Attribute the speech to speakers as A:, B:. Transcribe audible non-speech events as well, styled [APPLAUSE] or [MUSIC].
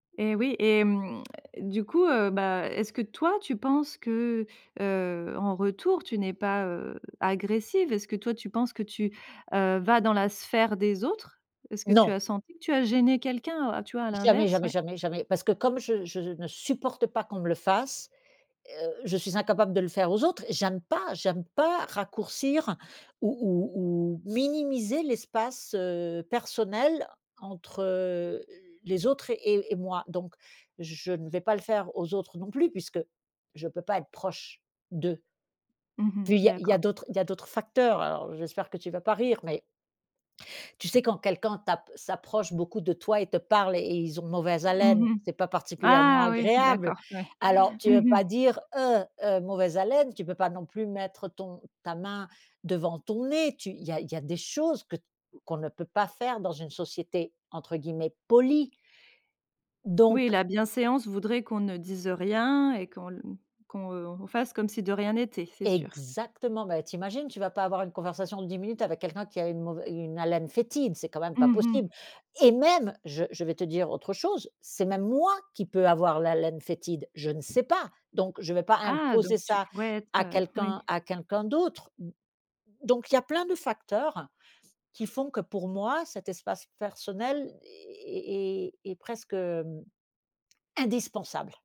A: Et oui, et hem, [SMACKS LIPS] du coup heu, bah, est-ce que, toi, tu penses que, heu, en retour, tu n'es pas, heu, agressive? Est-ce que toi, tu penses que tu, heu, vas dans la sphère des autres? Est-ce que tu
B: Non!
A: as senti que tu as gêné quelqu'un? Tu vois, à
B: Jamais,
A: l'inverse?
B: jamais,
A: Oui
B: jamais, jamais, parce que comme je je ne supporte pas qu'on me le fasse, heu, je suis incapable de le faire aux autres. J'aime pas. J'aime pas raccourcir ou ou ou minimiser l'espace, heu, personnel entre, heu, les autres et et moi. Donc, je ne vais pas le faire aux autres non plus, puisque je peux pas être proche d'eux.
A: Mmh mh.
B: Puis il y a il y a
A: D'accord.
B: d'autres il y a d'autres facteurs. Alors j'espère que tu vas pas rire, mais tu sais quand quelqu'un tape s'approche beaucoup de toi, et te parle, et ils ont mauvaise haleine.
A: Mmh mh.
B: C'est pas particulièrement
A: Ah oui!
B: agréable.
A: D'accord. Oui.
B: Alors, tu veux
A: Mmh
B: pas
A: mh.
B: dire: «Heu! Heu, mauvaise haleine.» Tu peux pas non plus mettre ton ta main devant ton nez. Tu il y a il y a des choses que qu'on ne peut pas faire dans une société, entre guillemets, polie.
A: Oui,
B: Donc
A: la bienséance voudrait qu'on ne dise, heu, rien et qu'on mmh, qu'on, heu, fasse comme si de rien n'était, c'est sûr.
B: Exactement! Bah, t'imagines, tu vas pas avoir une conversation de 10 minutes avec quelqu'un qui a une mauvai une haleine fétide. C'est quand même pas
A: Mmh
B: possible!
A: mh.
B: Et même, je je vais te dire autre chose, c'est même moi, qui peut avoir l'haleine fétide, je ne sais pas. Donc, je vais pas
A: Ah donc
B: imposer
A: tu
B: ça
A: pourrais
B: à
A: être oui.
B: quelqu'un à quelqu'un d'autre. M donc il y a plein de facteurs, qui font que pour moi, cet espace personnel e e est est presque, hem, indispensable.